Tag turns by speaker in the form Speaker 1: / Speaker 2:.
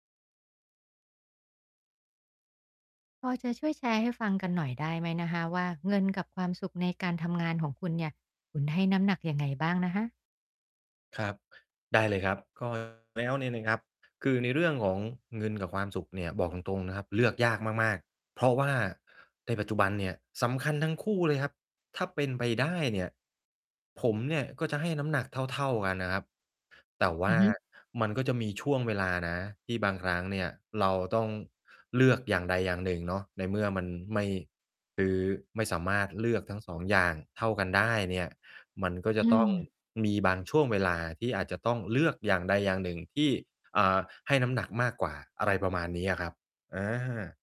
Speaker 1: พอจะช่วยแชร์ให้ฟังกันหน่อยได้ไหมคะว่า เงินกับความสุขในการทำงานของคุณเนี่ย คุณให้น้ำหนักยังไงบ้างนะคะ?
Speaker 2: ครับ ได้เลยครับ ก็ แล้วเนี่ยนะครับ คือในเรื่องของเงินกับความสุขเนี่ย บอกตรง ๆ นะครับ เลือกยากมาก ๆ เพราะว่าในปัจจุบันเนี่ย สำคัญทั้งคู่เลยครับ ถ้าเป็นไปได้เนี่ย ผมเนี่ย ก็จะให้น้ำหนักเท่า ๆ กันนะครับ แต่ว
Speaker 1: อ
Speaker 2: ่
Speaker 1: ื
Speaker 2: า
Speaker 1: อฮึ
Speaker 2: มันก็จะมีช่วงเวลานะ ที่บางครั้งเนี่ย เราต้องเลือกอย่างใดอย่างหนึ่งเนาะ ในเมื่อมันไม่ คือไม่สามารถเลือกทั้ง 2 อย่างเท่ากันได้เนี่ย มันก็จ
Speaker 1: อ
Speaker 2: ะ
Speaker 1: ื
Speaker 2: ต้อง
Speaker 1: ม
Speaker 2: มีบางช่วงเวลาที่อาจจะต้องเลือกอย่างใดอย่างหนึ่ง ที่ อ่า ให้น้ำหนักมากกว่า อะไรประมาณเนี้ยอะครับ อา